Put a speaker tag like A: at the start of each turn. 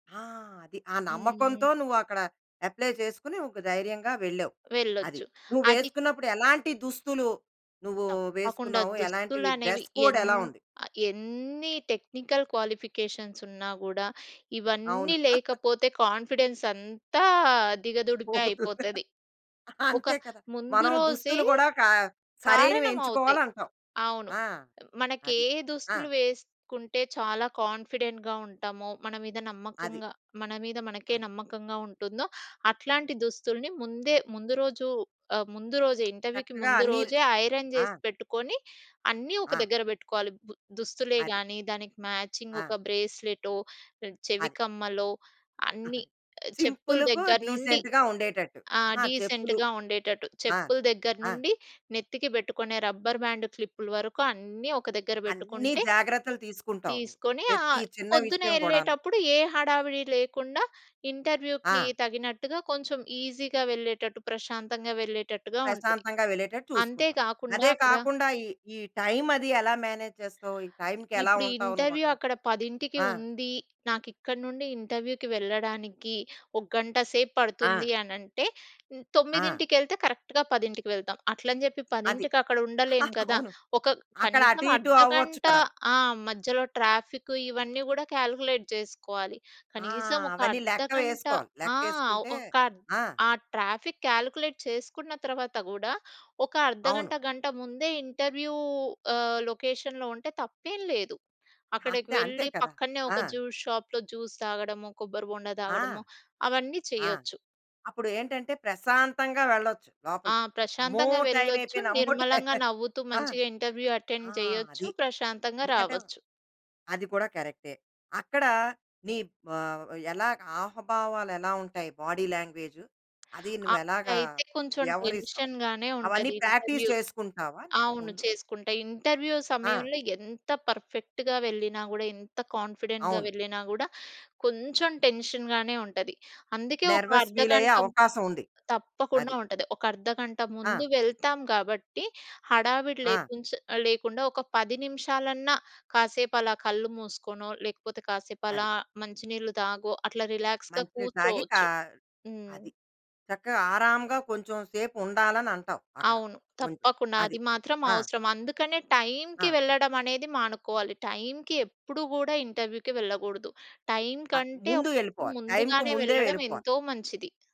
A: ఆ! అది. ఆ
B: హ్మ్.
A: నమ్మకంతో నువ్వక్కడ అప్లై చేసుకొని, ఒక ధైర్యంగా వెళ్ళావు. అది.
B: వెళ్ళొచ్చు అది
A: నువ్వేసుకున్నప్పుడు ఎలాంటి దుస్తులు నువ్వు
B: తప్పకుండా.
A: వేసుకున్నావు? ఎలాంటివి
B: దుస్తులనేవి
A: డ్రెస్ కోడ్
B: ఎన్
A: ఎలా ఉంది?
B: ఆహ్, ఎన్ని టెక్నికల్ క్వాలిఫికేషన్స్ ఉన్నా గూడా,
A: అవును.
B: ఇవన్నీ లేకపోతే కాన్ఫిడెన్స్ అంతా దిగదుడిపే
A: పోతుంది.
B: అయిపోతది. ఒక
A: అంతే కదా!
B: ముందు
A: మనం
B: రోజే
A: దుస్తులు కూడా ఒకా
B: కారణమవుతాయి.
A: సరైనవెంచుకోవాలి అంటావు.
B: అవును.
A: ఆ!
B: మనకి
A: అది.
B: ఏ
A: ఆ!
B: దుస్తులు వేసుకుంటే, చాలా కాన్ఫిడెంట్‌గా ఉంటామో మన మీద
A: అది.
B: నమ్మకంగా మన మీద మనకే
A: అది.
B: నమ్మకంగా ఉంటుందో, అట్లాంటి దుస్తుల్ని ముందే ముందు రోజు ఆహ్, ముందు రోజే ఇంటర్వ్యూకి
A: చక్కగా
B: ముందు
A: అన్నీ ర్
B: రోజే ఐరన్
A: ఆ!
B: జేసి పెట్టుకొని, అన్నీ ఒక
A: ఆ!
B: దగ్గర పెట్టుకోవాలి. ఉ దుస్తులే
A: అది.
B: గానీ, దానికి మ్యాచింగ్
A: ఆ!
B: ఒక బ్రేస్లెటో, చెవి
A: అది.
B: కమ్మలో అన్నీ
A: అది.
B: చెప్పుల
A: సింపుల్‌గా
B: దగ్గర నుండి
A: డీసెంట్‌గా ఉండేటట్టు.
B: ఆ!
A: ఆహా! చెప్పులు.
B: డీసెంట్‌గా ఉండేటట్టు.
A: ఆ!
B: చెప్పుల దగ్గర
A: ఆ!
B: నుండి నెత్తికి పెట్టుకునే రబ్బర్ బ్యాండు, క్లిప్పులు వరకు అన్నీ ఒక దగ్గర
A: అన్నీ
B: పెట్టుకుంటే,
A: జాగ్రత్తలు తీసుకుంటావు నువ్వు.
B: తీసుకొని
A: ప్రతి
B: ఆహ్,
A: చిన్న
B: పొద్దున్న
A: విషయం కూడాను.
B: ఎళ్ళేటప్పుడు ఏ హడావిడి లేకుండా ఇంటర్వ్యూకి
A: ఆ!
B: తగినట్టుగా కొంచెం ఈజీగా వెళ్ళేటట్టు ప్రశాంతంగా వెళ్ళేటట్టుగా ఉంటది.
A: ప్రశాంతంగా వెళ్ళేటట్టు చూసుకుంటావు.
B: అంతేకాకుండా
A: అదే
B: అక్కడ
A: కాకుండా, ఈ ఈ టైం అది ఎలా మేనేజ్ చేస్తావు? ఈ టైంకేలా
B: ఇప్పుడు
A: ఉంటావు
B: ఇంటర్వ్యూ
A: నువ్వక్కడ?
B: అక్కడ 10:00కి
A: ఆ!
B: ఉంది. నాకిక్కడి నుండి ఇంటర్వ్యూకి వెళ్ళడానికి ఒక గంట సేపు
A: ఆ!
B: పడుతుంది అనంటే,
A: ఆ!
B: తొమ్మిదింటికెళ్తే కరెక్ట్‌గా 10:00కి వెళ్తాం. అట్లని చెప్పి
A: అది.
B: 10:00కి అక్కడ ఉండలేం కదా!
A: అవును.
B: ఒక
A: అక్కడ
B: కనీసం
A: అటు, ఇటు అవ్వచ్చు
B: అర్ధగంట
A: కదా!
B: ఆ! మధ్యలో ట్రాఫికు ఇవన్నీ కూడా కాలిక్యులేట్ జేసుకోవాలి.
A: ఆ!
B: కనీసం ఒక
A: అవన్నీ
B: అర్ధగంట
A: లెక్కలేసుకోవాలి.
B: ఆ!
A: లెక్కేసుకుంటే
B: ఒక
A: ఆ!
B: ఆ ట్రాఫిక్ కాలిక్యులేట్ చేసుకున్న తర్వాత గూడా, ఒక
A: అవును.
B: అర్ధగంట గంట ముందే ఇంటర్వ్యూ ఆహ్, లొకేషన్‌లో ఉంటే తప్పేం లేదు. అక్కడికి
A: అంతే. అంతే
B: వెళ్ళి
A: కదా!
B: పక్కనే
A: ఆ!
B: ఒక జ్యూస్ షాప్‌లో జ్యూస్ తాగడము. కొబ్బరిబొండ
A: ఆ!
B: తాగడము అవన్నీ
A: ఆ!
B: చేయొచ్చు.
A: అప్పుడేంటంటే, ప్రశాంతంగా వెళ్ళొచ్చు
B: ఆ!
A: లోపలికి. అమ్మో!
B: ప్రశాంతంగా
A: టైమ్
B: వెళ్ళొచ్చు.
A: అయిపోయింది. అమ్మో! టైమ్
B: నిర్మలంగా నవ్వుతూ
A: ఆ!
B: మంచిగా ఇంటర్వ్యూ
A: ఆ!
B: అటెండ్ చేయొచ్చు.
A: అది.
B: ప్రశాంతంగా
A: ఎందుకంటే
B: రావొచ్చు.
A: అది కూడా కరెక్టే. అక్కడ నీ బా ఎలా ఆహభావాలు ఎలా ఉంటాయి. బాడీ లాంగ్వేజు, అది నువ్వు ఎలాగా
B: అప్పుడైతే కొంచెం
A: వ్యవహరిస్తావు?
B: టెన్షన్‌గానే
A: అవన్నీ
B: ఉంటది
A: ప్రాక్టీస్
B: ఇంటర్వ్యూ.
A: చేసుకుంటావా, నువ్వు
B: అవును
A: ముందు?
B: చేసుకుంటే. ఇంటర్వ్యూ
A: ఆ!
B: సమయంలో ఎంత పర్ఫెక్ట్‌గా వెళ్ళినా గూడా, ఎంత కాన్ఫిడెంట్‌గా
A: అవును.
B: వెళ్ళినా గూడా, కొంచెం టెన్షన్‌గానే ఉంటది. అందుకే ఒక
A: నెర్వస్ ఫీల్ అయ్యే
B: అర్ధగంట
A: అవకాశం ఉంది.
B: తప్పకుండా
A: అది.
B: ఉంటది. ఒక అర్ధగంట
A: ఆ!
B: ముందు వెళ్తాం కాబట్టి, హడావిడి
A: ఆ!
B: లేకుంచే లేకుండా ఒక 10 నిమిషాలన్నా కాసేపు అలా కళ్ళు మూసుకోనో, లేకపోతే కాసేపు
A: అది.
B: అలా మంచి నీళ్ళు తాగో అట్లా రిలాక్స్‌గా
A: మంచి నీళ్ళు తాగి, కా
B: కూర్చోవచ్చు. హ్మ్.
A: అది. చక్కగా ఆరాంగా కొంచెం సేపు ఉండాలని అంటావు అక్కడ
B: అవును.
A: కొంచెం.
B: తప్పకుండా.
A: అది.
B: అది మాత్రం
A: ఆ!
B: అవసరం. అందుకనే టై‌మ్‌కి
A: ఆ!
B: వెళ్ళడం అనేది మానుకోవాలి. టై‌మ్‌కి ఎప్పుడు కూడా ఇంటర్వ్యూకి వెళ్ళకూడదు. టై‌మ్‌కి
A: ఆద్
B: కంటే
A: ముందు వెళ్ళిపోవాలి. టైమ్‌కి
B: ముందుగానే
A: ముందే
B: వెళ్ళడం
A: వెళ్ళిపోవాలి.
B: ఎంతో మంచిది.